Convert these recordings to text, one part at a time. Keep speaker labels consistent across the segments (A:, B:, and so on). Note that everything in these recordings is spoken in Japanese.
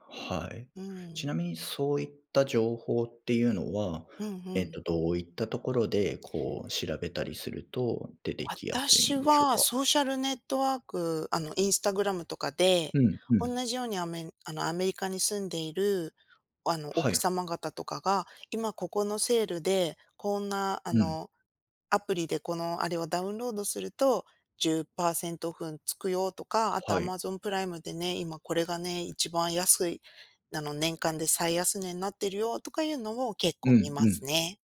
A: はい。
B: う
A: ち
B: ん。
A: なみに、そういった情報っていうのは、
B: ふんふ
A: えっ
B: ん。
A: と、どういったところで、こう、調べたりすると、出て来やすい
B: 私
A: んでしょう
B: は、
A: か？
B: ソーシャルネットワークあの、Instagram とかで、
A: うん、う
B: 同
A: ん。
B: じように、アメあの、アメリカに住んでいる、あの、
A: は
B: 奥
A: い。
B: 様方とかが、今ここのセールで、こんな、あ
A: うん。
B: の、アプリでこの、あれを「ダウンロードすると、10%オフつくよ」とか。あと
A: はい。
B: Amazon プライムでね、今これがね、一番安いなの「年間で最安値になってるよ」とかいうのを、結
A: う
B: 構見
A: ん、
B: ま
A: う
B: す
A: ん。
B: ね。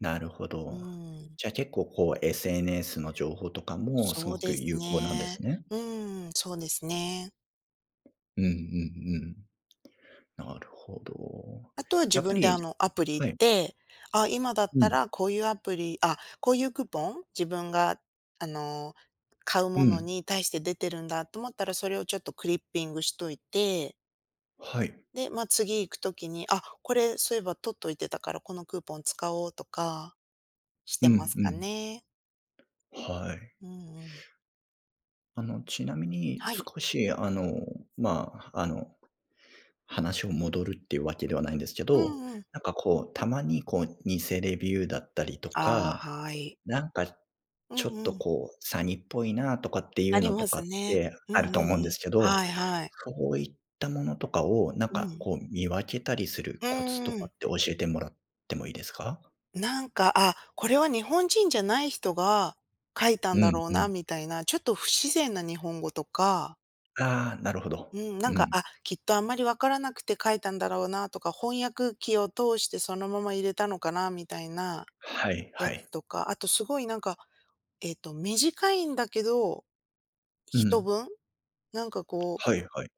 A: なるほ
B: う
A: ど。
B: ん。
A: じゃあ結構、こう、SNS の情報とかも、す
B: そ
A: ご
B: う
A: く
B: です
A: 有効なんで
B: ね。
A: すね。
B: うん、そうですね。
A: うん、うん、うん。なるほど。
B: あとは自
A: やっぱ
B: 分で、
A: り
B: あの、アプリ行
A: は
B: っ
A: い。
B: て、あ、今だっ
A: う
B: た
A: ん。
B: らこういうアプリ、あ、こういうクーポン、自分が、あの、買う
A: う
B: もの
A: ん。
B: に対して出てるんだと思ったら、それをちょっとクリッピングしといて
A: はい。
B: で、まあ、次行くときに「あ、これ、そういえば取っといてたから、このクーポン使おう」とか、し
A: う
B: てま
A: ん
B: す
A: う
B: か
A: ん。
B: ね。
A: はい。
B: うんうん。
A: あの、ちなみに、
B: はい。
A: 少しあの、まあ、あの、話を戻るっていうわけではないんですけ
B: う
A: ど。
B: んうん。
A: なんかこう、たまにこう、偽レビューだったりと
B: ああ、
A: か、
B: はい。
A: なんか
B: う
A: ちょ
B: ん
A: っ
B: う
A: と
B: ん。
A: こう、詐欺っぽいな、とかってい
B: あ
A: う
B: り
A: のと
B: ま
A: か
B: す
A: っ
B: ね。
A: て
B: うん
A: あ
B: う
A: る
B: ん
A: と
B: う
A: 思うんで
B: ん。
A: すけど。
B: はいはい。
A: そういったものとかを、なん
B: う
A: か
B: ん。
A: こう、見分けたりする
B: う
A: コツ
B: ん
A: と
B: う
A: かっ
B: ん。
A: て、教えてもらってもいいですか？
B: なんか「あ、これは日本人じゃない人が書いた
A: う
B: んだ
A: ん、
B: ろう
A: う
B: な」
A: ん。
B: みたいな、ちょっと不自然な日本語とか。
A: ああ、なるほど。
B: うん、なん
A: う
B: か
A: ん。
B: 「あ、きっと、あんまりわからなくて書いたんだろうな」とか「翻訳機を通して、そのまま入れたのかな」みたいな
A: はいは
B: や
A: い。
B: つとか。あとすごいなんか、えと、短いんだけど、
A: う
B: 一
A: ん。
B: 文、なんかこう
A: はい、はい。